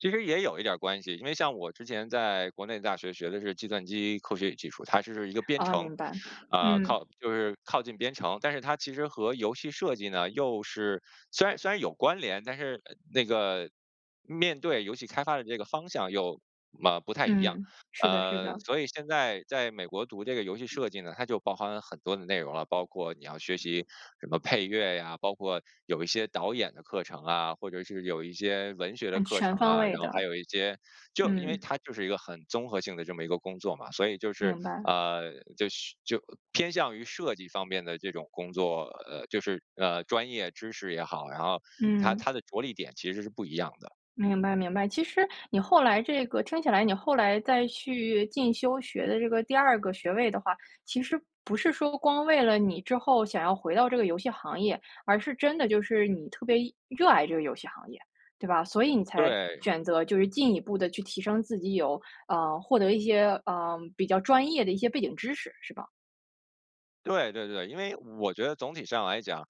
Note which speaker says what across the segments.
Speaker 1: 其实也有一点儿关系，因为像我之前在国内大学学的是计算机科学与技术。它是一个编
Speaker 2: 哦，
Speaker 1: 程，
Speaker 2: 明白。
Speaker 1: 啊，
Speaker 2: 嗯。
Speaker 1: 靠就是靠近编程。但是它其实和游戏设计呢，又是虽然虽然有关联，但是那个，面对游戏开发的这个方向，又，呃，不太一样，
Speaker 2: 嗯，是的是
Speaker 1: 呃，
Speaker 2: 的。
Speaker 1: 所以现在，在美国读这个游戏设计呢，它就包含了很多的内容了。包括你要学习什么配乐呀，包括有一些导演的课程啊，或者是，有一些文学的
Speaker 2: 哎
Speaker 1: 课
Speaker 2: 全
Speaker 1: 程
Speaker 2: 方
Speaker 1: 啊。
Speaker 2: 位
Speaker 1: 然后还
Speaker 2: 的。
Speaker 1: 有一些，就因为
Speaker 2: 嗯。
Speaker 1: 它就是一个很综合性的这么一个工作嘛。所以就是，
Speaker 2: 明白。
Speaker 1: 呃，就就偏向于设计方面的这种工作，呃，就是，呃，专业知识也好，然后，它
Speaker 2: 嗯。
Speaker 1: 它的着力点其实是不一样的。
Speaker 2: 明白明白。其实，你后来这个听起来，你后来再去进修学的这个第2个学位的话，其实不是说，光为了你之后想要回到这个游戏行业。而是真的就是，你特别热爱这个游戏行业，对吧？所以你才
Speaker 1: 对。
Speaker 2: 选择就是进一步地去提升自己有，呃，获得一些，呃，比较专业的一些背景知识，是吧？
Speaker 1: 对对对，因为我觉得总体上来讲，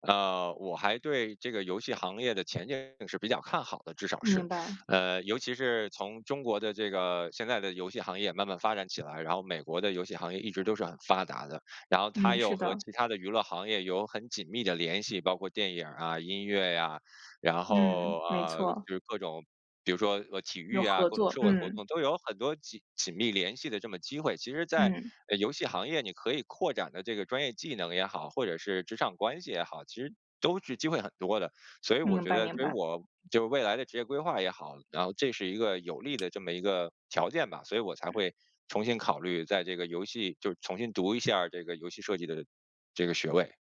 Speaker 1: 呃，我还对这个游戏行业的前景是比较看好的，至少是。
Speaker 2: 明白。
Speaker 1: 呃，尤其是，从中国的这个，现在的游戏行业慢慢发展起来，然后美国的游戏行业一直都是很发达的。然后它
Speaker 2: 嗯，
Speaker 1: 又
Speaker 2: 是
Speaker 1: 和
Speaker 2: 的。
Speaker 1: 其他的娱乐行业有很紧密的联系，包括电影儿啊，音乐呀，然
Speaker 2: 嗯，
Speaker 1: 后，
Speaker 2: 没
Speaker 1: 呃，
Speaker 2: 错。
Speaker 1: 就是各种，比如说，呃，体
Speaker 2: 有
Speaker 1: 育啊，
Speaker 2: 合
Speaker 1: 各种
Speaker 2: 作，
Speaker 1: 社会活
Speaker 2: 嗯。
Speaker 1: 动，都有很多紧紧密联系的这么机会。其实在，
Speaker 2: 嗯。
Speaker 1: 呃，游戏行业，你可以扩展的这个专业技能也好，或者是，职场关系也好，其实都是机会很多的。所以我
Speaker 2: 明
Speaker 1: 觉
Speaker 2: 白
Speaker 1: 得
Speaker 2: 明
Speaker 1: 对于
Speaker 2: 白。
Speaker 1: 我就未来的职业规划也好，然后这是一个，有利的这么一个条件吧。所以我才
Speaker 2: 嗯。
Speaker 1: 会，重新考虑在这个游戏，就重新读一下儿这个游戏设计的这个学位。